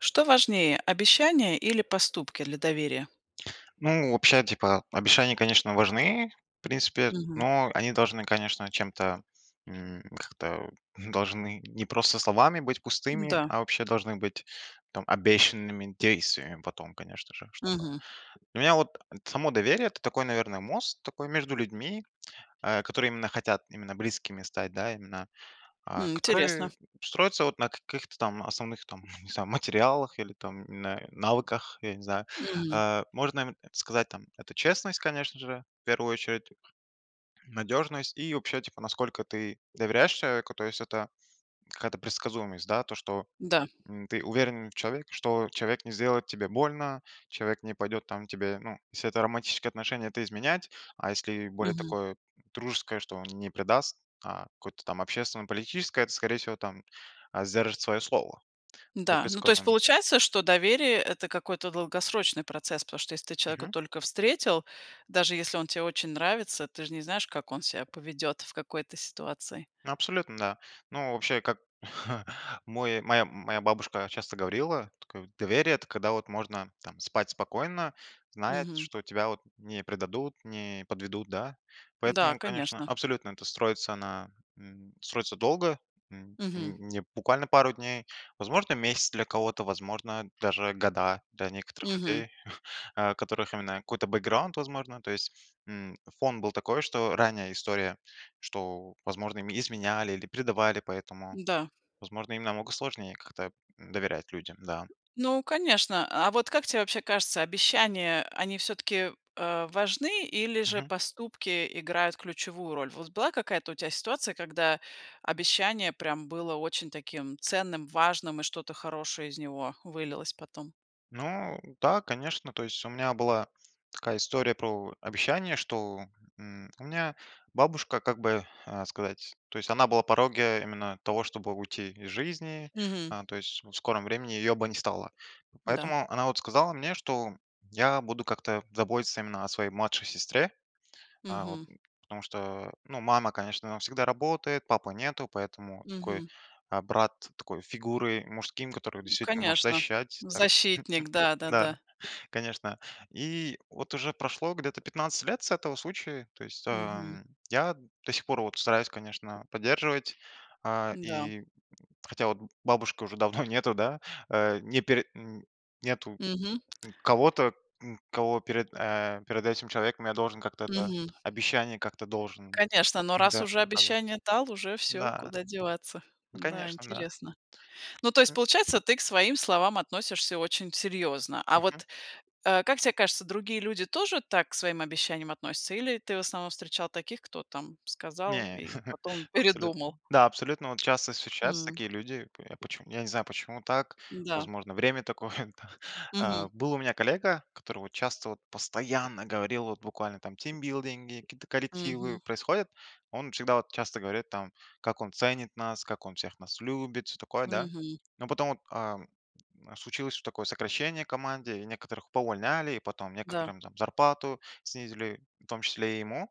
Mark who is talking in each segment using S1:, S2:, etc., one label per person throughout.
S1: Что важнее: обещания или поступки для доверия?
S2: Ну, вообще, типа, э, обещания, конечно, важны, в принципе,
S1: Мгм.
S2: но они должны, конечно, чем-то, м, как-то должны не просто словами быть пустыми,
S1: Да.
S2: а вообще должны быть там обещанными действиями потом, конечно же, чтобы
S1: Мгм.
S2: Для меня вот само доверие- это такой, наверное, мост такой между людьми, э, который именно хотят именно близкими стать, да, именно. Э,
S1: М, интересно.
S2: которые строятся вот на каких-то там основных там, не знаю, материалах или там на навыках, я не знаю.
S1: М.
S2: Э, можно, м сказать, там, это честность, конечно же, в первую очередь, надёжность и вообще, типа, насколько ты доверяешь человеку, то есть это какая-то предсказуемость, да? То, что,
S1: Да.
S2: м, ты уверен в человеке, что человек не сделает тебе больно, человек не пойдет там к тебе, ну. Если это романтические отношения, то изменять, а если более
S1: Мгм.
S2: такое дружеское, что он не предаст, а какое-то там общественно-политическое, это, скорее всего, там, э, сдержит своё слово..
S1: Да, ну, то есть
S2: [unintelligible]
S1: получается, что доверие- это какой-то долгосрочный процесс, потому что если ты человека
S2: Мгм.
S1: только встретил, даже если он те очень нравится, ты же не знаешь, как он себя поведет в какой-то ситуации.
S2: Ну, абсолютно, да. Ну, вообще, как мой моя моя бабушка часто говорила, тк доверие- это когда вот можно там спать спокойно, зная,
S1: Мгм.
S2: что тебя вот не предадут, не подведут, да?
S1: Да,
S2: Поэтому, конечно,
S1: конечно.
S2: абсолютно это строится на, м, строится долго, м,
S1: Мгм.
S2: м, не буквально пару дней, возможно, месяц для кого-то, возможно, даже года для некоторых
S1: Мгм.
S2: людей, у которых именно какой-то бэкграунд, возможно, то есть, м, фон был такой, что ранняя история, что, возможно, им изменяли или предавали, поэтому,
S1: Да.
S2: возможно, им намного сложнее как-то доверять людям, да.
S1: Ну, конечно. А вот как те вообще кажется, обещания, э, они всё-таки, э, важны или же
S2: Мгм.
S1: поступки играют ключевую роль? Вот была какая-то у тя ситуация, когда обещание прям было очень таким ценным, важным и что-то хорошее из него вылилось потом?
S2: Ну да, конечно, то есть у меня была такая история про обещание, что, м, у меня бабушка, как бы, э, сказать, то есть она была на пороге именно того, чтобы уйти из жизни,
S1: Мгм.
S2: э, то есть в скором времени её бы не стало.
S1: Да.
S2: Поэтому она вот сказала мне, что я буду как-то заботиться именно о своей младшей сестре, э, вот
S1: Мгм.
S2: потому что, ну, мама, конечно, она всегда работает, папы нету, поэтому такой,
S1: Мгм.
S2: э, брат такой фигуры мужским, который
S1: Ну,
S2: действительно может
S1: конечно,
S2: защищать, там
S1: защитник, да-да-да.
S2: да, конечно. И вот уже прошло где-то 15 лет с этого случая, то есть,
S1: Мгм.
S2: а, я до сих пор вот стараюсь, конечно, поддерживать, э,
S1: Да.
S2: и хотя вот бабушки уже давно нету, да? Э, не пер м, нету,
S1: Мгм.
S2: м, кого-то, м, кого перед, э, перед этим человеком я должен как-то, да,
S1: Мгм.
S2: обещание как-то должен,
S1: Конечно, но раз
S2: да.
S1: уже
S2: [unintelligible]
S1: обещание дал, уже всё,
S2: Да.
S1: куда деваться?
S2: Вот,
S1: Да,
S2: конечно, да.
S1: интересно. Ну, то есть, получается, ты к своим словам относишься очень серьезно. А
S2: Мгм.
S1: вот, э, как тебе кажется, другие люди тоже так к своим обещаниям относятся или ты в основном встречал таких, кто там сказал
S2: Не.
S1: и потом
S2: Абсолютн
S1: передумал?
S2: да, абсолютно вот часто встречаются
S1: М.
S2: такие люди. И к а, поч я не знаю, почему так?
S1: Да.
S2: Возможно, время такое, да.
S1: Мгм.
S2: Э, был у меня коллега, который вот часто, вот постоянно говорил, вот буквально там тимбилдинги какие-то коллективы
S1: Мгм.
S2: происходят, он всегда вот часто говорит там, как он ценит нас, как он всех нас любит, всё такое, да?
S1: Мгм.
S2: Но потом вот, э, случилось такое сокращение в команде, и некоторых поувольняли, и потом
S1: Да.
S2: некоторым там зарплату снизили, в том числе и ему,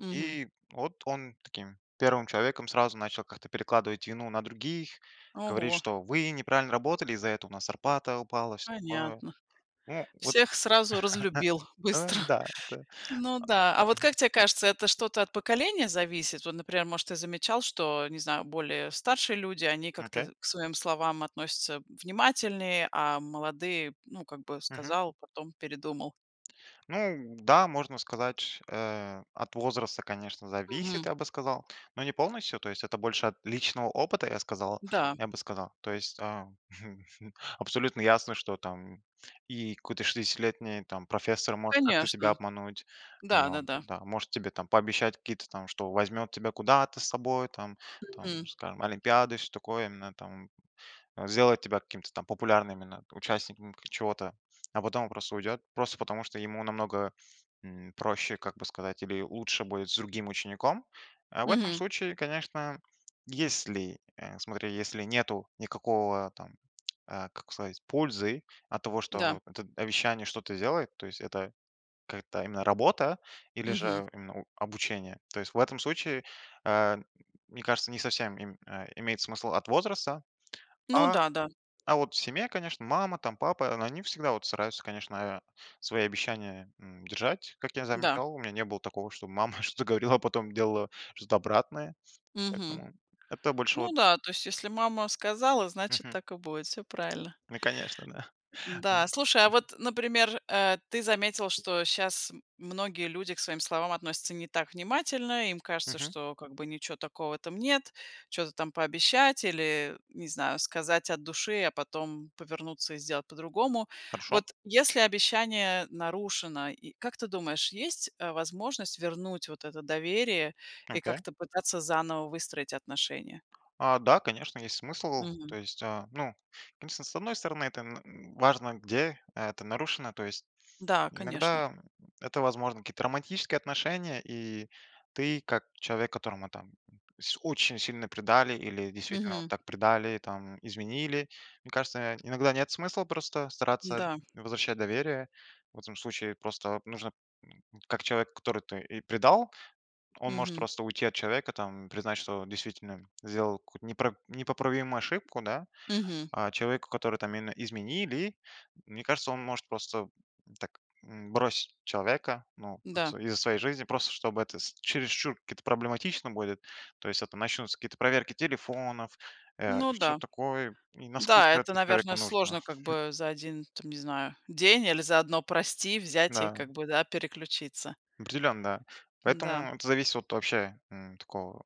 S1: Мгм.
S2: и вот он таким первым человеком сразу начал как-то перекладывать вину на других, говорить,
S1: Ого.
S2: что вы неправильно работали, из-за этого у нас зарплата упала, всё такое, там.
S1: Понятно,
S2: Ну вот.
S1: всех сразу разлюбил
S2: Да,
S1: быстро.
S2: да, э,
S1: Ну да, а вот
S2: мгм.
S1: как тебе кажется, это что-то от поколения зависит? Вот, например, может, ты замечал, что, не знаю, более старшие люди, они
S2: Окей.
S1: как-то к своим словам относятся внимательнее, а молодые, ну, как бы,
S2: Мгм.
S1: сказал, потом передумал.
S2: Ну да, можно сказать, ш э, от возраста, конечно,
S1: Мгм.
S2: зависит, я бы сказал, но не полностью. То есть это больше от личного опыта, я сказал
S1: Да.
S2: я бы сказал. То есть, э, Абсолютно ясно, что там и какой-то шестидесятилетний там профессор может как-то тебя
S1: Конечно,
S2: обмануть, ну
S1: да-да-да.
S2: да, может тебе там пообещать какие-то там, что возьмет тебя куда-то с собой, там там,
S1: Мгм.
S2: скажем, олимпиады и всё такое, именно там, э, сделает тебя каким-то там популярным именно участником чего-то, а потом просто уйдет, просто потому, что ему намного, м, проще, как бы сказать, ему лучше будет с другим учеником. В этом
S1: Мгм.
S2: случае, конечно, если, э, смотри, если нету никакого, там, э, как сказать, пользы от того,
S1: Да.
S2: что эт обещание что-то делает, то есть это какая-то именно работа или же,
S1: Мгм.
S2: м, именно, ну, обучение, то есть в этом случае, э, м м мне кажется, не совсем им, э, имеет смысл от возраста.
S1: Ну
S2: А,
S1: да, да.
S2: а вот в семье, конечно, мама, там, папа, они всегда вот стараются, конечно, э, свои обещания, м, держать, как я
S1: Да.
S2: замечал. У меня не было такого, чтобы мама что-то говорила, а потом делала что-то обратное.
S1: Мгм.
S2: Поэтому это больше
S1: Ну
S2: вот
S1: да, то есть если мама сказала, значит
S2: Мгм.
S1: так и будет, всё правильно.
S2: Ну, конечно, да.
S1: Да, слушай, а вот, например, э, ты заметил, что щас многие люди к своим словам относятся не так внимательно, им кажется,
S2: Мгм.
S1: что как бы ничего такого там нет, чё-то там пообещать или, не знаю, сказать от души, а потом повернуться и сделать по-другому.
S2: Хорошо.
S1: Вот если обещание нарушено, и как ты думаешь, есть, э, возможность вернуть вот это доверие и
S2: Окей.
S1: как-то пытаться заново выстроить отношения?
S2: А, да, конечно, есть смысл,
S1: Мгм.
S2: то есть, э, ну, конечно, с одной стороны это н важно где, это нарушено, то есть
S1: Да, конечно.
S2: иногда это, возможно, какие-то романтические отношения, и ты как человек, которого там с очень сильно предали или действительно
S1: Мгм.
S2: так предали, там, изменили, мне кажется, иногда нет смысла просто стараться
S1: Да.
S2: возвращать доверие. В этом случае просто вот нужно, как человек, который и предал, он может
S1: Мгм.
S2: просто уйти от человека, там, признать, что действительно сделал какую-то непр непоправимую ошибку, да?
S1: Мгм.
S2: А человеку, которому там именно изменили, мне кажется, он может просто так, м, бросить человека, ну,
S1: Да.
S2: из своей жизни, просто чтобы это с чересчур какие-то проблематично будет, то есть это начнутся какие-то проверки телефонов, э,
S1: Ну да,
S2: что-то такое, и насколько
S1: да это,
S2: это человеку
S1: наверное,
S2: нужно.
S1: сложно, как бы, за 1 де там не знаю, день или за 1, прости, взять и, как
S2: Да.
S1: бы, да, переключиться.
S2: Определенно.
S1: Да.
S2: Поэтому это зависит от вообще, м, такого.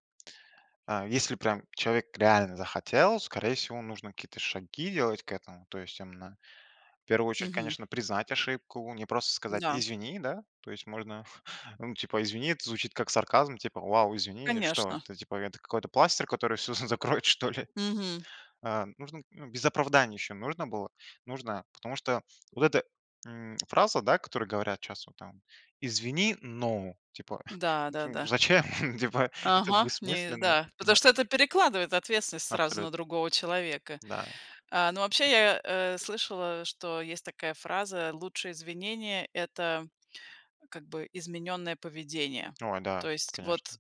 S2: Э, если прям человек реально захотел, скорее всего, нужно какие-то шаги делать к этому, то есть, именно, в первую очередь,
S1: Мгм.
S2: конечно, признать ошибку, не просто сказать:
S1: Да.
S2: "Извини", да? То есть можно, ну, типа: "Извини",- это звучит как сарказм, типа: "Вау, извини",- и что,
S1: Конечно.
S2: это типа какой-то пластырь, который всё закроет, что ли?
S1: Мгм.
S2: Э, нужно ну, без оправданий еще нужно было. Нужно, потому что вот эта, м, фраза, да, которую говорят щас вот там: "Извини, но". Типа,
S1: Да, да,
S2: ну
S1: да.
S2: зачем, типа, это
S1: Ага, не
S2: бессмысленно,
S1: Да. Потому
S2: да.
S1: что это перекладывает ответственность сразу
S2: Абсолютно.
S1: на другого человека.
S2: Да.
S1: Э, ну, вообще я, э, слышала, что есть такая фраза: "Лучшее извинение- это как бы измененное поведение",
S2: О да,
S1: то есть
S2: конечно.
S1: вот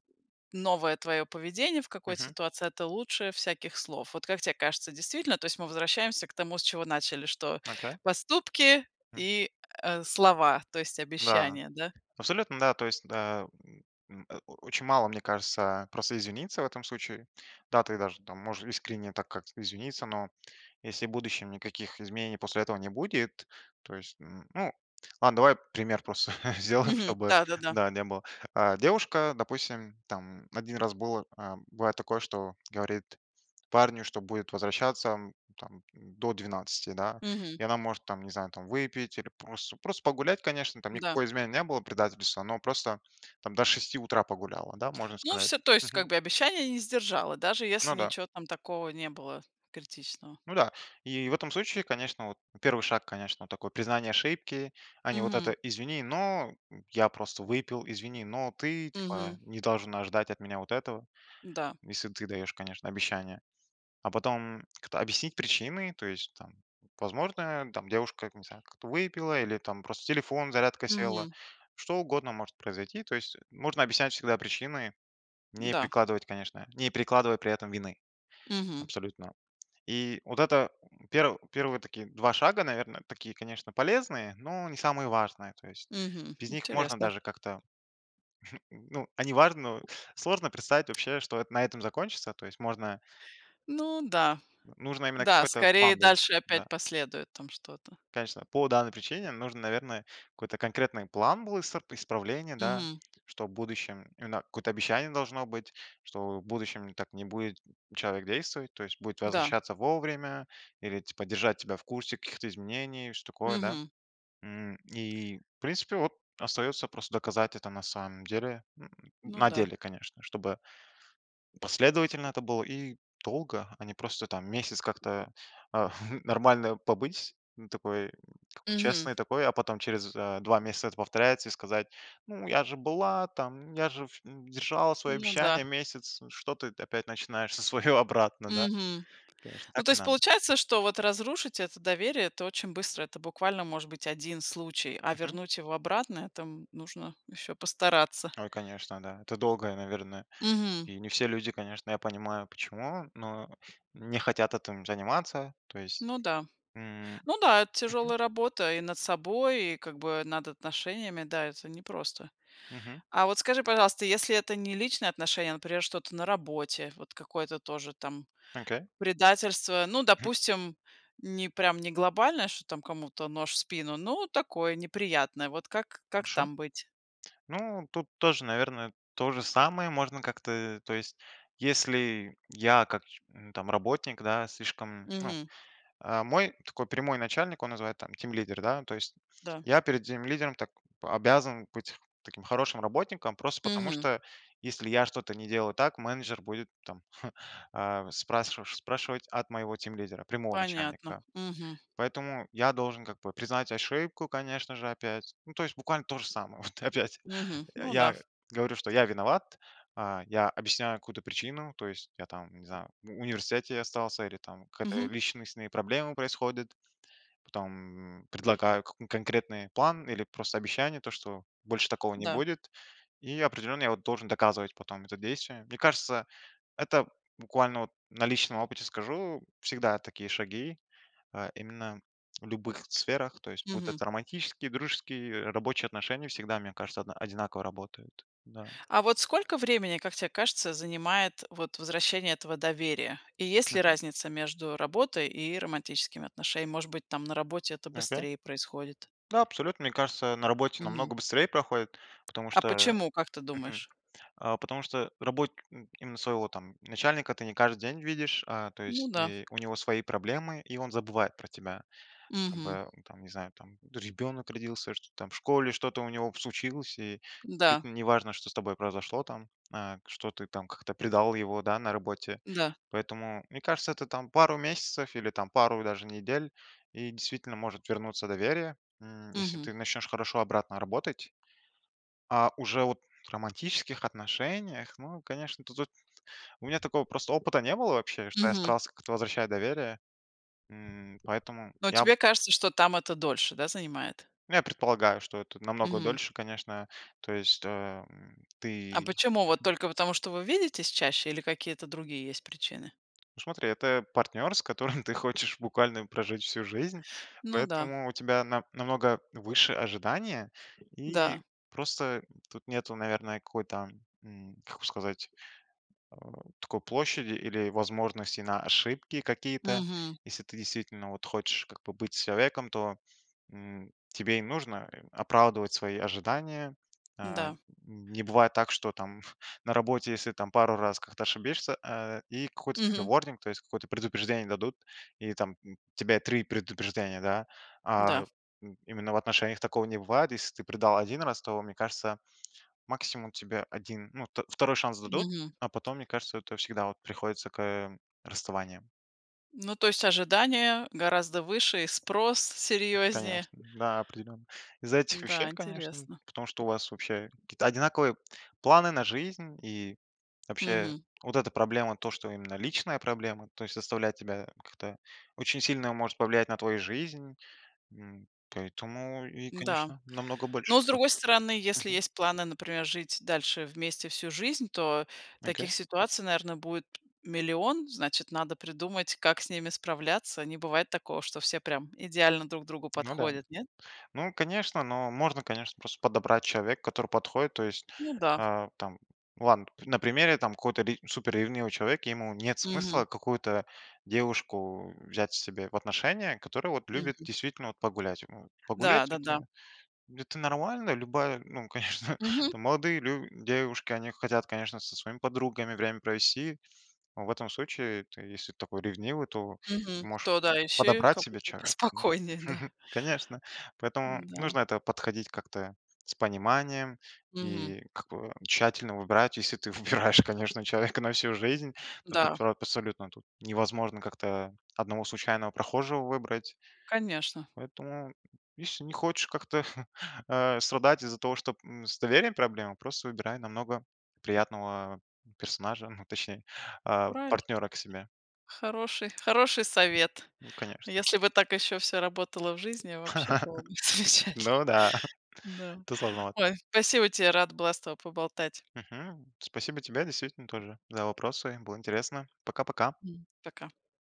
S1: новое твоё поведение в какой-то
S2: Мгм.
S1: ситуации- это лучшее всяких слов. Вот как те кажется действительно, то есть мы возвращаемся к тому, с чего начали, что
S2: Ага.
S1: поступки
S2: М.
S1: и, э, слова, то есть
S2: Да,
S1: обещания, да?
S2: абсолютно, да, то есть, да, м, э, о очень мало, мне кажется, просто извиниться в этом случае. Да, ты даже там можешь искренне так как-то извиниться, но если в будущем никаких изменений после этого не будет, то есть, м. Ну, ладно, давай пример просто сделаем,
S1: Мгм,
S2: чтобы,
S1: да-да-да.
S2: да, не было. Э, девушка, допустим, там, 1 раз было, э, было такое, что говорит парню, что будет возвращаться, м, там до 12, да?
S1: Мгм.
S2: И она может там, не знаю, там выпить или просто просто погулять, конечно, там
S1: Да.
S2: никакой измены не было, предательства, но просто там до 6 утра погуляла, да, можно
S1: Ну
S2: сказать.
S1: всё, то есть, как
S2: Мгм.
S1: бы, обещание не сдержала, даже
S2: Ну
S1: если
S2: да.
S1: ниче там такого не было критичного.
S2: Ну да, и в этом случае, конечно, вот, 1 шаг, конечно, такое признание ошибки, а не вот это:
S1: Мгм.
S2: "Извини, но я просто выпил". "Извини, но ты, типа,
S1: Мгм.
S2: не должен ожидать от меня вот этого".
S1: Да.
S2: Если ты даешь, конечно, обещание, а потом кто объяснить причины, то есть там, возможно, там девушка, там, я не знаю, как-то выпила, или там просто телефон, зарядка села,
S1: Мгм.
S2: что угодно может произойти, то есть можно объяснять всегда причины, не
S1: Да.
S2: перекладывать, конечно не перекладывать при этом вины
S1: Мгм.
S2: абсолютно. И вот это пер первые вот такие 2 шага, наверное, такие, конечно, полезные, но не самые важные, то есть
S1: Мгм.
S2: без них можно
S1: Интересно.
S2: даже как-то, н ну, они важно, но сложно представить вообще, что это на этом закончится, то есть можно
S1: Ну да.
S2: Вот, нужно именно
S1: Да,
S2: какой-то
S1: скорее
S2: план был,
S1: дальше
S2: да.
S1: опять последует там что-то.
S2: Конечно, по данной причине нужно, наверное, какой-то конкретный план был иср исправление, да,
S1: Мгм.
S2: что в будущем, именно, какое-то обещание должно быть, что в будущем так не будет человек действовать, то есть будет
S1: Да.
S2: возвращаться вовремя или, типа, держать тебя в курсе каких-то изменений, что-то такое, да?
S1: Мгм.
S2: М, и, в принципе, вот, остается просто доказать это на самом деле
S1: Ну
S2: на
S1: да.
S2: деле, конечно, чтобы последовательно это было и долго, а не просто там месяц как-то, э, нормально побыть, н такой как бы
S1: Мгм.
S2: честной такой, а потом через, э, 2 месяца это повторяется, и сказать: "Ну, же была, там, я же вш м, держала свои
S1: Ну
S2: обещания
S1: да.
S2: месяц. Что ты т опять начинаешь за свое обратно, да?"
S1: Мгм.
S2: Конечно,
S1: Ну,
S2: так
S1: то
S2: не
S1: есть
S2: надо.
S1: получается, что вот разрушить это доверие- это очень быстро, это буквально может быть 1 случай, а
S2: Мгм.
S1: вернуть его обратно- это нужно еще постараться.
S2: Ой, конечно, да. Это долго, и, наверное,
S1: Мгм.
S2: и не все люди, конечно, я понимаю почему, но не хотят этим заниматься, то есть.
S1: Ну да.
S2: М,
S1: Ну да, это
S2: мгм.
S1: тяжелая работа и над собой, и, как бы, над отношениями. Да, это непросто.
S2: Мгм.
S1: А вот скажи, пожалуйста, если это не личные отношения, а, например, что-то на работе. Вот какое-то тоже там
S2: Окей.
S1: предательство, ну, допустим, не прям не глобальное, что там кому-то нож в спину, ну такое, неприятное, вот как как
S2: Хорошо.
S1: там быть?
S2: Ну, тут тоже, наверное, то же самое можно как-то, э, то есть если я как, м, там работник, да, слишком, ну,
S1: Мгм.
S2: э. Мой такой прямой начальник, он называется там тимлидер, да, то есть.
S1: Да.
S2: Я перед тимлидером так обязан быть таким хорошим работником, просто потому
S1: Мгм.
S2: что если я что-то не делаю так, менеджер будет там, э, спрасши спрашивать от моего тимлидера, прямого
S1: Понятно,
S2: начальника.
S1: мгм.
S2: Поэтому я должен как бы признать ошибку, конечно же, опять, ну, то есть буквально то же самое, вот опять.
S1: Мгм,
S2: Э,
S1: ну да.
S2: я говорю, что я виноват, а, я объясняю какую-то причину, то есть я там, не знаю, в университете остался или там какие-то
S1: Мгм.
S2: личностные проблемы происходят, потом, м, предлагаю к конкретный план или просто обещание, то что больше такого не
S1: Да.
S2: будет, и определенно я вот должен доказывать потом это действием. Мне кажется, это буквально вот на личном опыте скажу, всегда такие шаги, э, именно в любых сферах, то есть будут
S1: Мгм.
S2: романтические, дружеские, э, рабочие отношения всегда, мне кажется, одна одинаково работают, да.
S1: А вот сколько времени, как те кажется, занимает вот возвращение этого доверия? И есть ли
S2: Мгм.
S1: разница между работой и романтическими отношениями? Может быть, там, на работе это
S2: Ага.
S1: быстрее происходит?
S2: Да, абсолютно, мне кажется, на работе
S1: Мгм.
S2: намного быстрее проходит, потому
S1: А
S2: что
S1: почему, как ты
S2: э, мгм,
S1: думаешь?
S2: э, потому что работник им именно своего там начальника ты не каждый день видишь, а, то
S1: Ну
S2: есть,
S1: да.
S2: э, у него свои проблемы, и он забывает про тебя. Как
S1: Мгм.
S2: бы, ну там, не знаю там. Тот же ребёнок родился, что-то там в школе что-то у него случилось, и
S1: Да.
S2: действительно неважно, что с тобой произошло, там, а, что ты там как-то предал его, да, на работе.
S1: Да.
S2: Поэтому, мне кажется, это там пару месяцев или там пару даже недель, и действительно может вернуться доверие, м, если
S1: Мгм.
S2: ты начнешь хорошо обратно работать. А уже вот в романтических отношениях, ну, конечно, то тут у меня такого просто опыта не было вообще, что я
S1: Мгм.
S2: старался как-то возвращать доверие. М, поэтому
S1: А вот
S2: я п
S1: тебе кажется, что там это дольше, да, занимает?
S2: Ну, я предполагаю, что это намного
S1: Мгм.
S2: дольше, конечно. То есть что, эм,
S1: А
S2: ты
S1: почему вот только потому, что вы видитесь чаще, или какие-то есть причины?
S2: Ну, смотри, это партнер, с которым ты хочешь буквально прожить всю жизнь,
S1: Ну да.
S2: поэтому у тебя на намного выше ожидания, и
S1: Да.
S2: просто тут нету, наверное, какой-то, м, как сказать, э, такой площади или возможности на ошибки какие-то.
S1: Мгм.
S2: Если ты действительно вот хочешь как бы быть с человеком, то, м, тебе и нужно, э, оправдывать свои ожидания. Э, н
S1: Да.
S2: не бывает так, что там на работе, если там пару раз как-то ошибешься, э, и какой-то тебе
S1: Мгм.
S2: warning, то есть какое-то предупреждение дадут, и там тебе 3 предупреждения, да? А.
S1: Да.
S2: Им именно в отношениях такого не бывает. Если ты предал 1 раз, то, мне кажется, максимум тебе 1, ну, вт второй шанс дадут,
S1: Мгм.
S2: а потом, мне кажется, это всегда вот приходится к расставаниям.
S1: Ну, то есть ожидание гораздо выше и спрос серьезнее.
S2: Конечно, да, определенно. Из-за этих
S1: Да,
S2: вещей, конечно,
S1: интересно.
S2: потому что у вас вообще какие-то одинаковые планы на жизнь, и вообще
S1: Мгм.
S2: вот эта проблема, то, что именно личная проблема, то есть заставляет тебя как-то очень сильно, может повлиять на твою жизнь. М, поэтому и,
S1: Да.
S2: конечно, намного больше
S1: Ну, с другой
S2: спрос.
S1: стороны, если
S2: Мгм.
S1: есть планы, например, жить дальше вместе всю жизнь, то
S2: Окей.
S1: таких ситуаций, наверно, будет 1 000 000, значит, надо придумать, как с ними справляться. Не бывает такого, что все прям идеально друг другу
S2: Ну да.
S1: подходят, нет?
S2: Ну, конечно, ну, можно, конечно, просто подобрать человека, который подходит. То есть,
S1: Ну да.
S2: э, там Ладно, пт на примере там какого-то ре супер ревнивого человека: ему нет
S1: Мгм.
S2: смысла какую-то девушку взять себе в отношения, которая вот любит
S1: Мгм.
S2: действительно вот погулять, м. Погулять-
S1: Да-да-да.
S2: это это нормально. Любая, ну, конечно,
S1: Мгм.
S2: там молодые лю девушки, они хотят, конечно, со своими подругами время провести, но в этом случае ты, если такой ревнивый, то
S1: Мгм.
S2: можешь
S1: То да, ищи,
S2: подобрать
S1: кому
S2: себе человека. Ну,
S1: спокойней, да.
S2: конечно, поэтому
S1: Да.
S2: нужно к этому подходить как-то с пониманием
S1: Мгм.
S2: и к к тщательно выбирать. Если ты выбираешь, конечно, человека на всю жизнь, то ты
S1: Да.
S2: про абсолютно тут невозможно как-то одного случайного прохожего выбрать,
S1: Конечно.
S2: поэтому, если не хочешь как-то, э, страдать из-за того, что, м, с доверием проблемы, просто выбирай намного приятного персонажа, а точней, э,
S1: Правильно.
S2: партнера к себе.
S1: Хороший хороший совет.
S2: Ну конечно.
S1: Если бы так еще всё работало в жизни, вообще было бы замечательно.
S2: Ну да.
S1: Да.
S2: Тут сложновато.
S1: Ой, спасибо тебе, рада была с тобой поболтать.
S2: Мгм. Спасибо тебе действительно тоже за вопросы. Было интересно. Пока-пока.
S1: Пока.